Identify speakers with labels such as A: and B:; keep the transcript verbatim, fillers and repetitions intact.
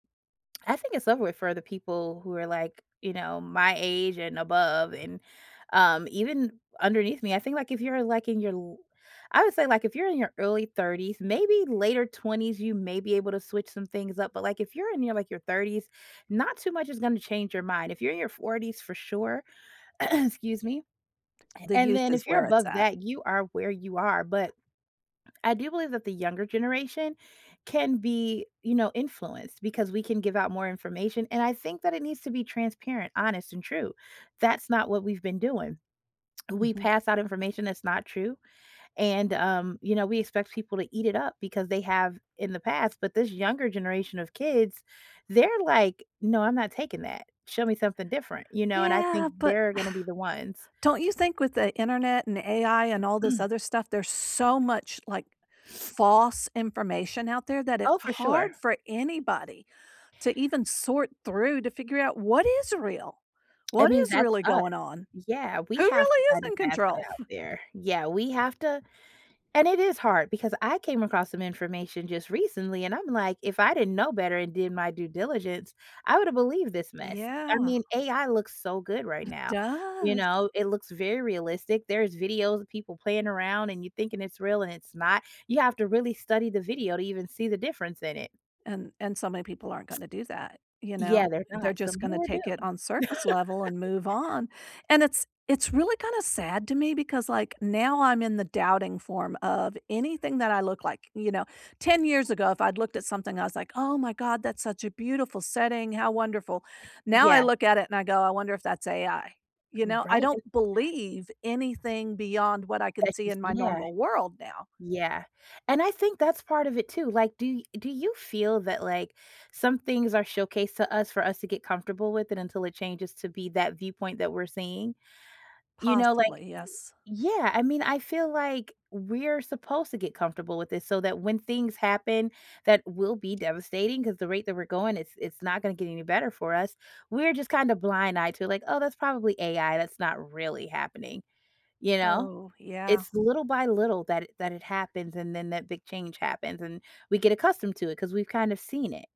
A: I think it's over with for the people who are, like, you know, my age and above, and, um, even underneath me. I think, like, if you're, like, in your l I would say, like, if you're in your early thirties, maybe later twenties, you may be able to switch some things up, but, like, if you're in your, like, your thirties, not too much is gonna change your mind. If you're in your forties for sure Excuse me,
B: The
A: and
B: youth
A: then
B: is
A: if you're
B: where it's
A: above
B: at.
A: that, you are where you are, but I do believe that the younger generation can be, you know, influenced because we can give out more information, and I think that it needs to be transparent, honest, and true. That's not what we've been doing. We
B: Mhm.
A: pass out information that's not true, and, um, you know, we expect people to eat it up because they have in the past, but this younger generation of kids, they're like, "No, I'm not taking that. Show me something different," you know? And I think
B: Yeah, but
A: they're gonna be the ones
B: don't you think with the internet and AI and all this other stuff, there's so much, like, false information out there that it's
A: Oh, for
B: hard
A: sure.
B: for anybody to even sort through to figure out what is real.
A: I
B: What
A: mean,
B: is
A: that's
B: really
A: us.
B: going on?
A: Yeah, we
B: Who
A: have
B: really
A: to
B: is
A: kind of
B: in
A: pass that
B: control?
A: out there. Yeah, we have to and it is hard because I came across some information just recently, and I'm like, if I didn't know better and did my due diligence, I would have believed this mess. I
B: Yeah.
A: mean, AI looks so good right
B: It
A: now. You
B: does.
A: know, it looks very realistic. There is videos of people playing around and you thinking it's real and it's not. You have to really study the video to even see the difference in it.
B: And and so many people aren't gonna do that, you know.
A: Yeah, there's
B: They're
A: not. Some
B: just gonna
A: people are
B: take it
A: doomed.
B: on surface level and move on, and it's it's really kinda sad to me because, like, now I'm in the doubting form of anything that I look like, you know, ten years ago, if I'd looked at something, I was like, "Oh my god. That's such a beautiful setting. How wonderful." Now I
A: Yeah.
B: look at it, and I go, "I wonder if that's AI." You know, I
A: Right,
B: don't
A: an
B: believe anything beyond what I can
A: That's
B: see
A: just
B: in my
A: Yeah.
B: normal world now.
A: Yeah, and I think that's part of it too. Like, do y do you feel that, like, some things are showcased to us for us to get comfortable with it until it changes to be that viewpoint that we're seeing? You know, like
B: Possibly, yes.
A: Yeah, I mean, I feel like we're supposed to get comfortable with this so that when things happen, that will be devastating ‘cause the rate that we're going, it's it's not gonna get any better for us. We're just kind of blind eyed to, like, "Oh, that's probably AI. That's not really happening," you know?
B: Oh, yeah.
A: It's little by little that it that it happens, and then that big change happens, and we get accustomed to it ‘cause we've kind of seen it.